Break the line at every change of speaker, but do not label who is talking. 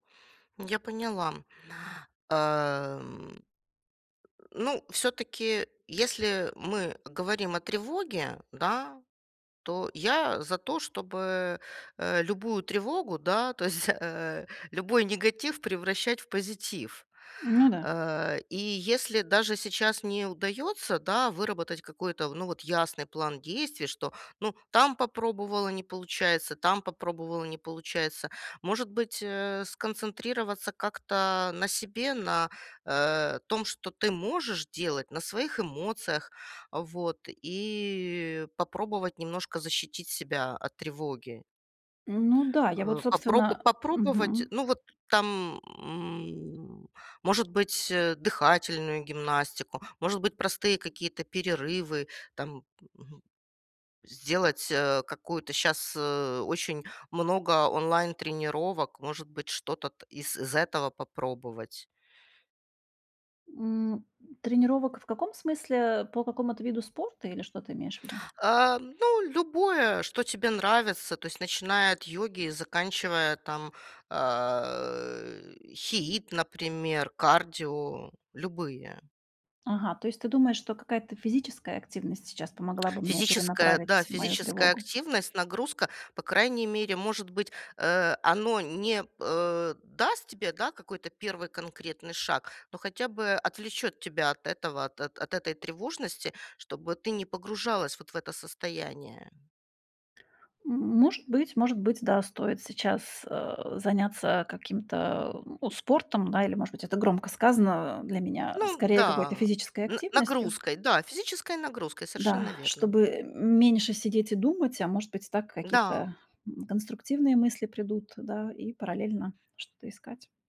Я поняла. Эм. Ну, всё-таки, если мы говорим о тревоге, да, то я за то, чтобы, э, любую тревогу, да, то есть, э, любой негатив превращать в позитив,
Ну да.
э, и если даже сейчас не удается, да, выработать какой-то в ну, вот ясный план действий, что, ну, там попробовала- не получается, там попробовала- не получается. Может быть, э, сконцентрироваться как-то на себе, на, э, том, что ты можешь делать на своих эмоциях. Вот. И попробовать немножко защитить себя от тревоги.
Ну да, я вот,
Э, попроб
собственно
попробовать,
Мгм.
ну, вот, там, м, может быть, э, дыхательную гимнастику, может быть, простые какие-то перерывы, там. Мгм. Сделать, э, какую-то щас, э, очень много онлайн тренировок. Может быть, что-то т из з этого попробовать?
М, тренировок в каком смысле? По какому-то виду спорта, или что ты имеешь в виду?
А, ну, любое, что тебе нравится. То есть, начиная от йоги и заканчивая, там, э, HIIT, например, кардио, любые.
Ага, то есть ты думаешь, что какая-то физическая активность сейчас помогла бы мне
Физическая, да,
перенаправить мою
физическая
тревогу?
активность, нагрузка. По крайней мере, может быть, э, оно не, э, даст тебе, да, какой-то 1 конкретный шаг. Но хотя бы отвлечет тебя от этого, от от этой тревожности, чтобы ты не погружалась вот в это состояние.
М, может быть, может быть. Да, стоит сейчас, э, заняться каким-то, э, ну, спортом, да. Или, может быть, это громко сказано, э, для меня.
Ну
Скорее, какой-то
да.
физической
Н
активностью.
нагрузкой, да, физической нагрузкой,
Да,
совершенно верно.
чтобы м меньше сидеть и думать. А может быть, так
Да.
какие-то, м, конструктивные мысли придут, да. И параллельно что-то искать.